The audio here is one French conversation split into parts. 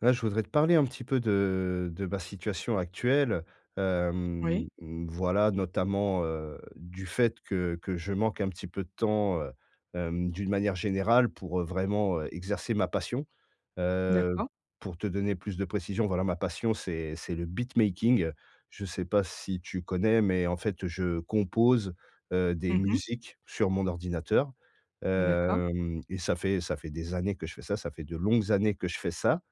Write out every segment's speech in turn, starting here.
Heu, je voudrais te parler un petit peu de de ma situation actuelle, hem, Oui. mmh, voilà, notamment, heu, du fait que que je manque un petit peu de temps, heu hem, d'une manière générale, pour, heu, vraiment, heu, exercer ma passion. Heu, D'accord. pour te donner plus de précisions, voilà ma passion, c'est c'est le beatmaking, je sais pas si tu connais, mais en fait, heu, je compose, heu, des Mmh mh. musiques sur mon ordinateur. D'accord. Hem, et ça fait ça fait des années que je fais ça, ça fait de longues années que je fais ça.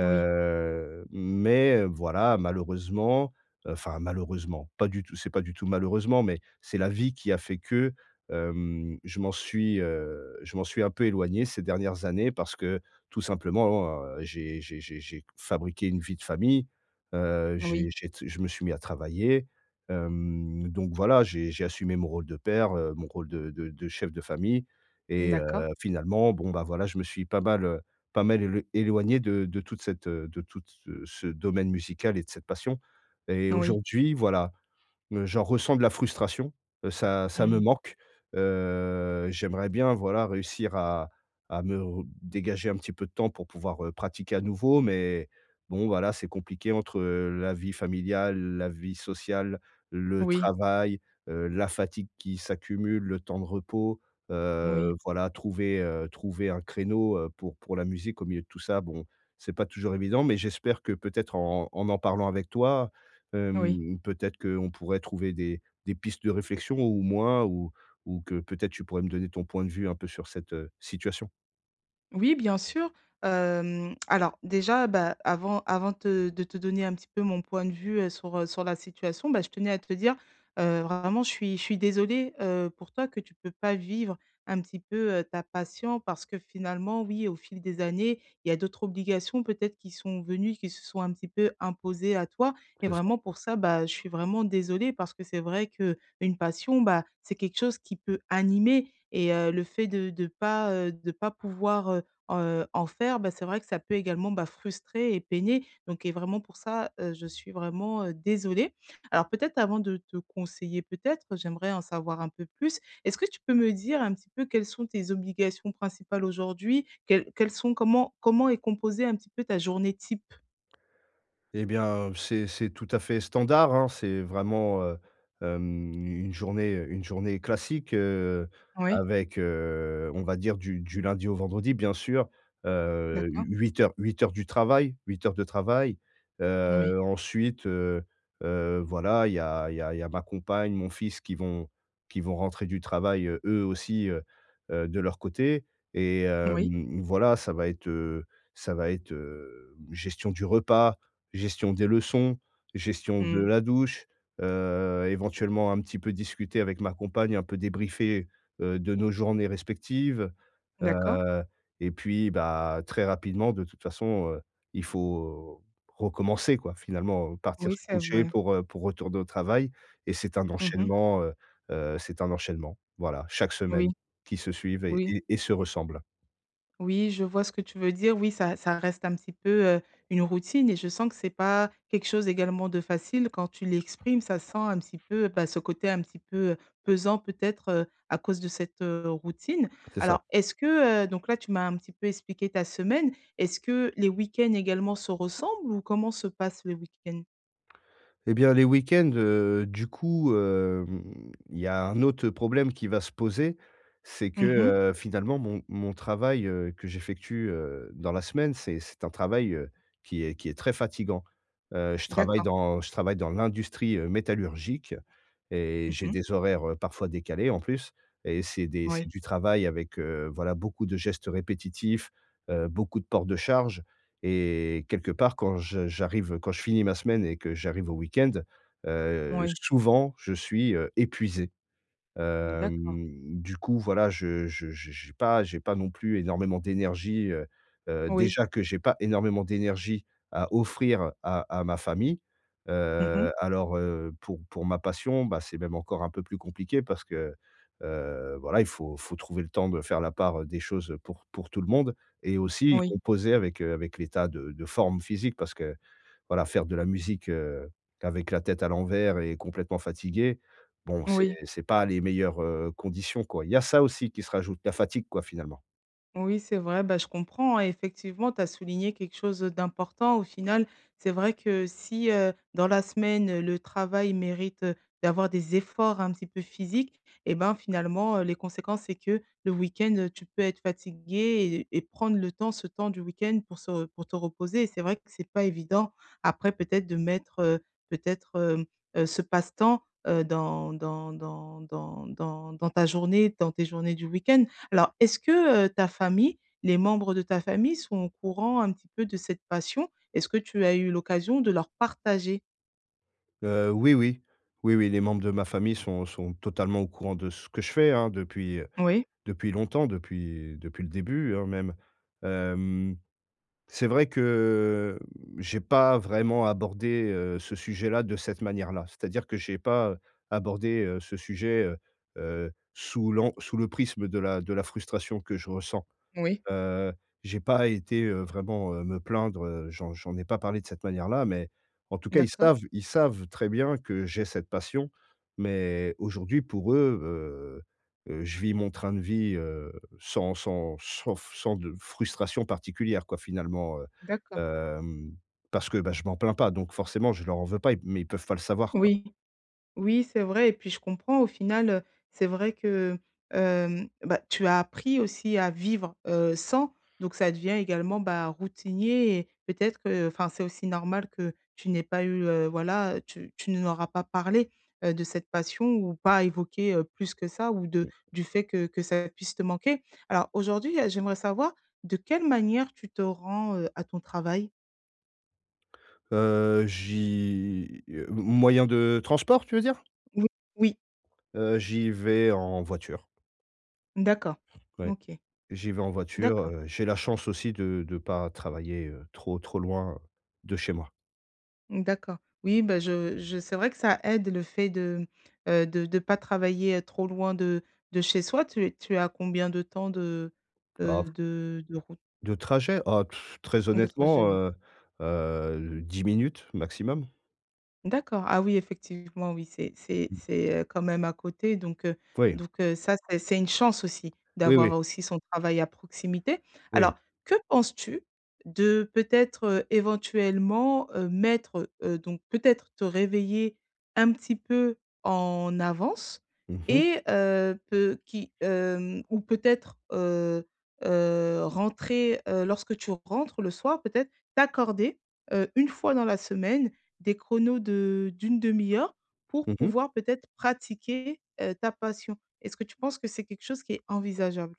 Oui. mais, heu, voilà, malheureusement, heu enfin, malheureusement, pas du tout c'est pas du tout malheureusement, mais, c'est la vie qui a fait que, hem je m'en suis, heu je m'en suis un peu éloigné ces dernières années, parce que tout simplement, oh en, heu, j'ai j'ai j'ai j'ai q fabriqué une vie de famille. Heu, Oui. j'ai j'ai tse je me suis mis à travailler. Hem, donc voilà j'ai j'ai assumé mon rôle de père, heu, mon rôle de de de chef de famille, et heu, D'accord. finalement bon, bah voilà, je me suis pas mal, heu pas mal élo éloigné de de toute cette, heu, de toute ce ce domaine musical et de cette passion. Et N oui. aujourd'hui, voilà, m j'en ressens de la frustration, heu, ça ça me Mmh. manque. Heu, j'aimerais bien, voilà, réussir à à me re dégager un petit peu de temps, pour pouvoir, heu, pratiquer à nouveau, mais bon, voilà, c'est compliqué entre la vie familiale, la vie sociale, le Oui. travail, heu, la fatigue qui s'accumule, le temps de repos. Oui. Heu, voilà, trouver, heu, trouver un créneau, heu, pour pour la musique, au milieu de tout ça, bon, c'est pas toujours évident. Mais j'espère que, peut-être, en en m'en parlant avec toi, Oui. hem, peut-être qu'on pourrait trouver des des pistes de réflexion, ou moins, ou ou que, peut-être, tu pourrais me donner ton point de vue, un peu, sur cette, heu situation. Oui, bien sûr. Hem, alors déjà, bah, avant avant te de te donner un petit peu mon point de vue, heu, sur, heu sur la situation, bah, je tenais à te dire: «Heu, vraiment je suis je suis désolée, heu, pour toi que tu peux pas vivre un petit peu, heu, ta passion parce que finalement, oui, au fil des années, il y a d'autres obligations peut-être qui sont venues, qui se sont un petit peu imposées à toi» et C'est ça. vraiment pour ça, bah, je suis vraiment désolée. Parce que c'est vrai qu'une passion, bah, c'est quelque chose qui peut animer et heu, le fait de de pas heu, de pas pouvoir, heu heu, en faire, bah, c'est vrai que ça peut également, bah, frustrer et peiner donc et vraiment pour ça, heu, je suis vraiment, heu, désolée. Alors peut-être avant de te conseiller, peut-être j'aimerais en savoir un peu plus. Est-ce que tu peux me dire un petit peu quelles sont tes obligations principales aujourd'hui? Quels quels sont comment comment est composée un petit peu ta journée type? Et bien, heu, c'est c'est tout à fait standard, hein. C'est vraiment, heu hem u une journée heu, une journée classique, heu, Oui. avec, heu, on va dire du du lundi au vendredi bien sûr, heu, D'accord. u 8 heures, 8 heures du travail, 8 heures de travail. Oui. Heu, ensuite, heu heu, voilà, il y a il y a il y a ma compagne, mon fils qui vont qui vont rentrer du travail, heu, eux aussi, heu heu, de leur côté. Et hem, Oui. mmh, voilà, ça va être heu, ça va être, hem, gestion du repas, gestion des leçons, gestion de Mmh. la douche, heu, éventuellement un petit peu discuter avec ma compagne, un peu débriefer, heu, de nos journées respectives. D'accord. Heu et puis, bah, très rapidement de toute façon, heu, il faut recommencer quoi. Finalement, partir Oui, se c'est coucher vrai. pour, heu, pour retourner au travail et c'est un Mmh mh. enchaînement heu heu, c'est un enchaînement, voilà, chaque Oui. semaine qui se suivent et Oui. et et se ressemblent. Oui, je vois ce que tu veux dire. Oui, ça ça reste un petit peu, heu, une routine et je sens que c'est pas quelque chose, également, de facile. Quand tu l'exprimes, ça sent un petit peu, bah, ce côté un petit peu, heu, pesant, peut-être, heu, à cause de cette, heu, routine. C'est ça. Alors, est-ce que heu, donc là, tu m'as un petit peu expliqué ta semaine, est-ce que les week-ends également se ressemblent? Ou comment se passent les week-ends? Et bien, les week-ends, heu, du coup, hem, il y a un autre, heu, problème qui va se poser, c'est que, Mmh mh. heu, finalement, mon mon travail, heu, que j'effectue, heu, dans la semaine, c'est c'est un travail, heu, qui est qui est très fatiguant, heu, je travaille D'accord. dans je travaille dans l'industrie, heu, métallurgique et Mmh j'ai mh. des horaires, heu, parfois décalés, en plus et c'est des c'est Oui. du travail avec, heu, voilà, beaucoup de gestes répétitifs, heu, beaucoup de port de charge et quelque part, quand je j'arrive, quand je finis ma semaine et que j'arrive au week-end, heu, Moui. souvent, je suis, heu, épuisé, D'accord. hem, du coup, voilà, je je je j'ai pas j'ai pas non plus énormément d'énergie, heu heu, Oui. déjà que j'ai pas énormément d'énergie à offrir à à ma famille, Mmh mh. heu, alors, heu, pour pour ma passion, bah, c'est même encore un peu plus compliqué parce que, heu, voilà, il faut il faut trouver le temps de faire la part, heu, des choses pour pour tout le monde et aussi Oui. composer avec, heu, avec l'état de de forme physique. Parce que, voilà faire de la musique, heu, qu'avec la tête à l'envers et complètement fatigué, bon, c'est Oui. c'est pas les meilleures, heu, conditions, quoi. Il y a ça aussi qui se rajoute, la fatigue, quoi, finalement. Oui, c'est vrai. Bah, je comprends, hein, effectivement, tu as souligné quelque chose d'important, au final. C'est vrai que si, heu, dans la semaine, le travail mérite d'avoir des efforts un petit peu physiques et ben, finalement, heu, les conséquences, c'est que le week-end, tu peux être fatigué et et prendre le temps, ce temps du week-end pour se pour te reposer, et c'est vrai que c'est pas évident. Après, peut-être de mettre, heu, peut-être, hem, heu, ce passe-temps, heu, dans dans dans dans dans dans ta journée, dans tes journées du week-end. Alors, est-ce que, heu, ta famille, les membres de ta famille sont au courant un petit peu de cette passion? Est-ce que tu as eu l'occasion de leur partager? Heu, oui, oui. Oui, oui, les membres de ma famille sont sont totalement au courant de ce que je fais, hein, depuis Oui. depuis longtemps, depuis depuis le début, hein, même. Hem, c'est vrai que, mmh, j'ai pas vraiment abordé, heu, ce sujet-là, de cette manière-là. C'est-à-dire que j'ai pas abordé, heu, ce sujet, heu heu, sous l'an sous le prisme de la de la frustration que je ressens. Oui. Heu, j'ai pas été, heu, vraiment, heu, me plaindre. Heu, j'en j'en ai pas parlé de cette manière là, mais en tout cas, ils D'accord. savent ils savent très bien que j'ai cette passion, mais aujourd'hui, pour eux, heu heu, je vis mon train de vie, heu, sans sans sans f sans de frustration particulière, quoi, finalement, heu, D'accord. hem, parce que, ben, je m'en plains pas, donc forcément, je leur en veux pas mais ils peuvent pas le savoir, quoi. Oui. Oui, c'est vrai et puis, je comprends, au final, heu, c'est vrai que, heu, hem, bah, tu as appris aussi à vivre, heu, sans, donc ça devient également, bah, routinier et peut-être qu'enfin, c'est aussi normal que tu n'aies pas eu, heu, voilà, tu tu ne leur as pas parlé, heu, de cette passion ou pas évoqué, heu, plus que ça ou de Mmh. du fait que que ça puisse te manquer. Alors aujourd'hui j'aimerais savoir de quelle manière tu te rends, heu, à ton travail? Heu, j'y, heu, moyen de transport, tu veux dire? Mmh. Oui. Heu, j'y vais en voiture. D'accord, Ouais, OK. j'y vais en voiture, D'accord. heu, j'ai la chance aussi de de pas travailler, heu, trop trop loin de chez moi. D'accord. Oui, bah, je je c'est vrai que ça aide, le fait de, mmh, heu, de de pas travailler, heu, trop loin de de chez soi. Tu es tu es à combien de temps de, Ah heu, f de de route? De trajet, ah, pff, très De trajet, honnêtement, ouais. heu heu, 10 minutes, maximum. D'accord, ah oui, effectivement oui, c'est c'est Mmh. c'est, heu, quand même à côté, donc, heu, Ouais. donc, heu, ça c'est c'est une chance aussi, Oui, d'avoir oui. aussi son travail à proximité. Oui. Alors, que penses-tu de, peut-être, heu, éventuellement, heu, mettre, heu, donc, peut-être, te réveiller, un petit peu en avance? Mmh mh. Et heu, peu qui, hem, ou peut-être, heu heu, rentrer, heu, lorsque tu rentres le soir, peut-être t'accorder, heu, une fois dans la semaine, des chronos de d'1/2 heure pour Mmh mh. pouvoir, peut-être, pratiquer, heu, ta passion. Est-ce que tu penses que c'est quelque chose qui est envisageable?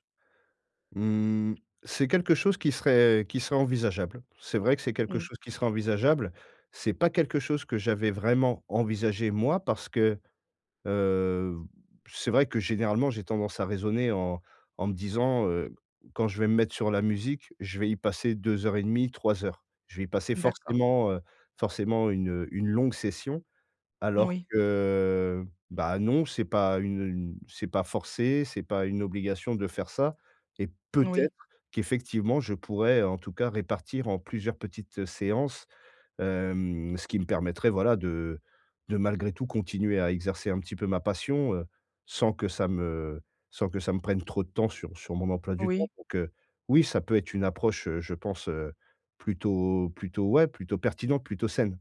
Mmh. C'est quelque chose qui serait qui serait envisageable. C'est vrai que c'est quelque Mmh. chose qui serait envisageable. C'est pas quelque chose que j'avais vraiment envisagé, moi, parce que, heu, c'est vrai que, généralement, j'ai tendance à raisonner en en me disant, heu,: «Quand je vais me mettre sur la musique, je vais y passer 2 heures et demie, 3 heures». Je vais y passer D'accord. forcément, heu, forcément, une, heu, une longue session. Alors Moui. que, bah, non, c'est pas une une c'est pas forcé, c'est pas une obligation de faire ça et peut-être, Oui. qu'effectivement, je pourrais, en tout cas, répartir en plusieurs petites séances, hem, ce qui me permettrait, voilà de de malgré tout, continuer à exercer un petit peu ma passion, heu, sans que ça me sans que ça me prenne trop de temps sur sur mon emploi du temps. Oui. Donc, heu, oui, ça peut être une approche, heu, je pense, heu, plutôt plutôt, ouais, plutôt pertinente, plutôt saine.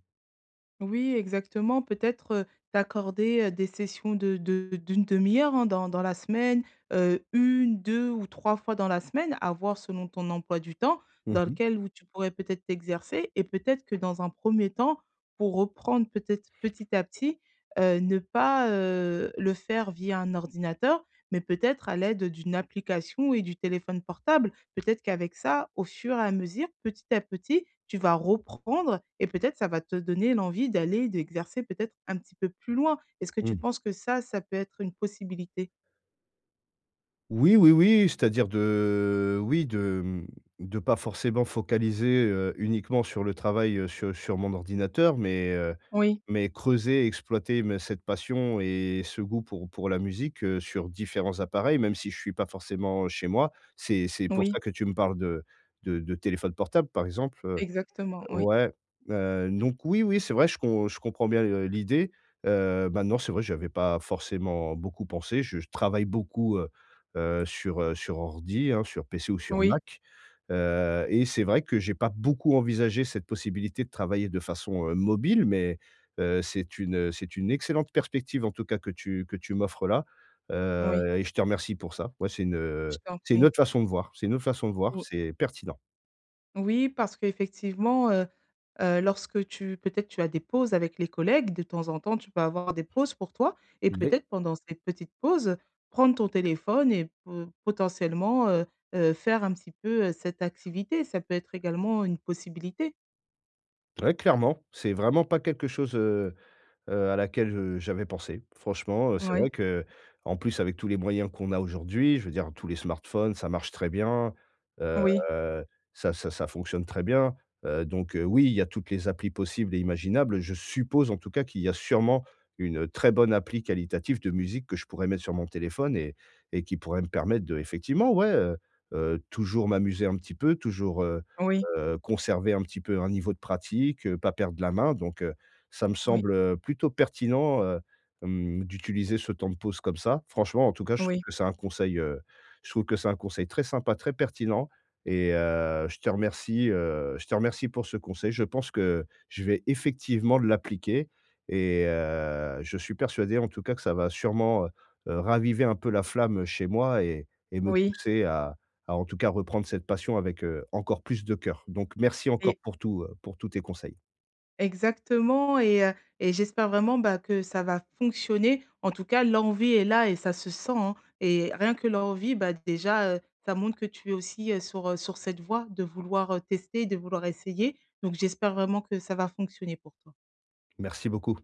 Oui exactement, peut-être, heu, t'accorder, heu, des sessions de de d'1/2 heure hein? Dans dans la semaine, heu, 1, 2 ou 3 fois dans la semaine avoir selon ton emploi du temps, Mmh dans mh. lequel où tu pourrais peut-être t'exercer et peut-être que dans un 1er temps, pour reprendre peut-être petit à petit, heu, ne pas, heu, le faire via un ordinateur, mais peut-être à l'aide d'une application et du téléphone portable? Peut-être qu'avec ça au fur et à mesure, petit à petit, tu vas reprendre et peut-être, ça va te donner l'envie d'aller d'exercer peut-être un petit peu plus loin? Est-ce que tu Mmh. penses que ça, ça peut être une possibilité? Oui, oui, oui, c'est-à-dire de oui, de, mmh, de pas forcément focaliser, heu, uniquement sur le travail, heu, sur sur mon ordinateur, mais, heu, Oui. mais creuser et exploiter me cette passion et ce goût pour pour la musique, heu, sur différents appareils, même si je suis pas forcément, heu, chez moi, c'est c'est pour Oui. ça que tu me parles de de de téléphone portable, par exemple, heu Exactement, oui. ouais, heu, donc oui, oui, c'est vrai, je com je comprends bien, heu, l'idée, heu, maintenant, c'est vrai que j'avais pas forcément beaucoup pensé. Je je travaille beaucoup, heu heu, sur, heu, sur ordi, hein, sur PC ou sur Oui. Mac, heu et c'est vrai que j'ai pas beaucoup envisagé cette possibilité de travailler de façon, heu, mobile, mais, heu, c'est une, heu, c'est une excellente perspective, en tout cas, que tu que tu m'offres là, Oui. heu et je te remercie pour ça. Ouais, c'est une, Je heu, t'en c'est une prie. autre façon de voir, c'est une autre façon de voir, Ou c'est pertinent. Oui, parce qu'effectivement, heu heu, lorsque tu peut-être, tu as des pauses avec les collègues, de temps en temps, tu peux avoir des pauses pour toi et [unintelligible] peut-être pendant ces petites pauses, prendre ton téléphone et po potentiellement, heu-heu, faire un petit peu, heu, cette activité, ça peut être également une possibilité. Ouais clairement, c'est vraiment pas quelque chose, heu heu, à laquelle, heu, j'avais pensé. Franchement, heu, c'est Ouais. vrai qu'en plus avec tous les moyens qu'on a aujourd'hui, je veux dire tous les smartphones, ça marche très bien. Heu, Oui. ça ça ça fonctionne très bien, heu, donc, heu, oui, il y a toutes les applis possibles et imaginables. Je suppose en tout cas qu'il y a sûrement une très bonne appli qualitative de musique que je pourrais mettre sur mon téléphone et et qui pourrait me permettre d'effectivement ouais, heu heu, toujours m'amuser un petit peu, toujours, heu Oui. heu, conserver un petit peu un niveau de pratique, heu, pas perdre la main donc, heu, ça me Oui. semble, heu, plutôt pertinent, heu, hem, d'utiliser ce temps de pause, comme ça. Franchement, en tout cas, je trouve Oui. que c'est un conseil, heu, je trouve que c'est un conseil très sympa, très pertinent et heu, je te remercie, heu, je te remercie pour ce conseil, je pense que je vais effectivement l'appliquer et heu, je suis persuadé en tout cas que ça va sûrement, heu heu, raviver un peu la flamme chez moi et et me Oui. pousser à à en tout cas reprendre cette passion avec, heu, encore plus de cœur. Donc merci encore Et pour tout, heu, pour tous tes conseils. Exactement et heu et j'espère vraiment ben, que ça va fonctionner. En tout cas l'envie est là et ça se sent, hein et rien que l'envie, bah, déjà, heu, ça montre que tu es aussi sur, heu, sur cette voie de vouloir, heu, tester, de vouloir essayer. Donc j'espère vraiment que ça va fonctionner pour toi. Merci beaucoup.